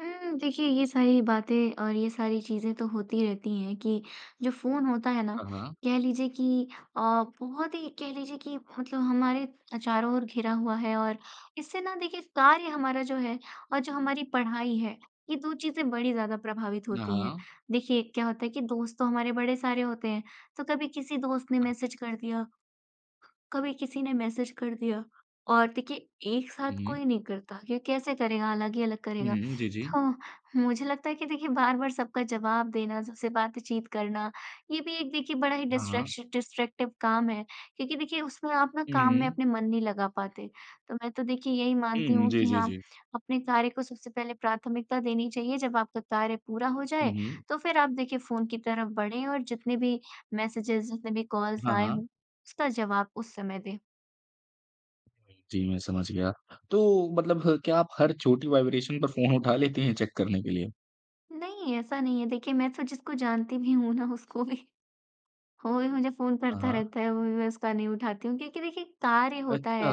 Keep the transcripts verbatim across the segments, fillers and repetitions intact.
हुँ, देखिए, ये सारी बातें और ये सारी चीज़ें तो होती ही रहती हैं कि जो फ़ोन होता है ना, हाँ, हाँ। कह लीजिए कि अ, बहुत ही, कह लीजिए कि मतलब हमारे अ, चारों ओर घिरा हुआ है, और इससे ना देखिए कार्य हमारा जो है और जो हमारी पढ़ाई है, ये दो चीज़ें बड़ी ज़्यादा प्रभावित अ, होती हैं। हाँ। देखिए, क्या होता है कि दोस्त तो हमारे बड़े सारे होते हैं, तो कभी किसी दोस्त ने हाँ जी। मैसेज कर दिया, कभी किसी ने मैसेज कर दिया। और देखिए, एक साथ हुँ, हुँ। कोई नहीं करता, ये कैसे करेगा, अलग ही अलग हुँ, करेगा। हुँ। जी, जी। तो मुझे लगता है कि देखिए, बार-बार सबका जवाब देना, सबसे बातचीत करना, ये भी एक देखिए बड़ा ही हाँ, हाँ। डिस्ट्रैक्शन डिस्ट्रैक्टिव काम है क्योंकि देखिए, उसमें आप ना हुँ, काम में हुँ। अपने मन नहीं लगा पाते। तो मैं तो देखिए यही मानती हुँ, हूँ जी, कि जी, हाँ, जी। अपने कार्य को सबसे पहले प्राथमिकता देनी चाहिए। जब आपका कार्य पूरा हो हुँ, जाए, हुँ। तो फिर आप देखिए फ़ोन की तरफ बढ़ें, और जितने भी मैसेजेज़, जितने भी कॉल्स हाँ, आए हाँ। हों, उसका जवाब उस समय दें। जी, मैं समझ गया। तो मतलब हर क्या आप हर छोटी वाइब्रेशन पर फ़ोन उठा लेती हैं चेक करने के लिए? नहीं, ऐसा नहीं है। देखिए, मैं तो जिसको जानती भी हूँ ना, उसको भी वो भी मुझे फ़ोन हाँ, करता हाँ। रहता है, वो भी मैं उसका नहीं उठाती हूँ क्योंकि देखिए, कार्य होता अच्छा, है,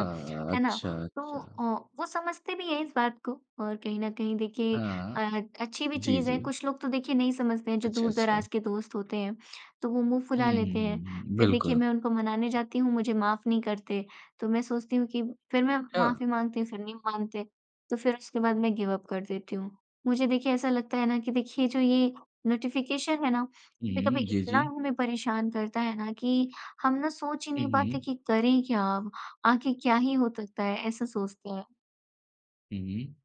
है ना। अच्छा, तो अच्छा। अ, वो समझते भी हैं इस बात को, और कहीं न कहीं देखिए हाँ। अ, अच्छी भी जी, चीज़ है। जी। कुछ लोग तो देखिए नहीं समझते हैं जो अच्छा, अच्छा। दूर-दराज के दोस्त होते हैं, तो वो मुँह हुँ, फुला हुँ, लेते हैं। हुँ, हुँ। फिर देखिए, बिल्कुल। मैं उनको मनाने जाती हूँ, मुझे माफ नहीं करते। तो मैं सोचती हूँ कि फिर मैं छ माफी माँगती हूँ. फिर नहीं मानते, तो फिर उसके बाद मैं गिव अप कर देती हूँ। मुझे देखिए ऐसा लगता है ना कि देखिए जो ये नोटिफिकेशन है ना, कभी-कभी उहुँ, जी, इतना जी। हमें परेशान करता है ना कि हम ना सोच ही हुँ, नहीं पाते हुँ। कि करें क्या, आके क्या ही हो तकता है, ऐसा सोचते हैं। हुँ, हुँ।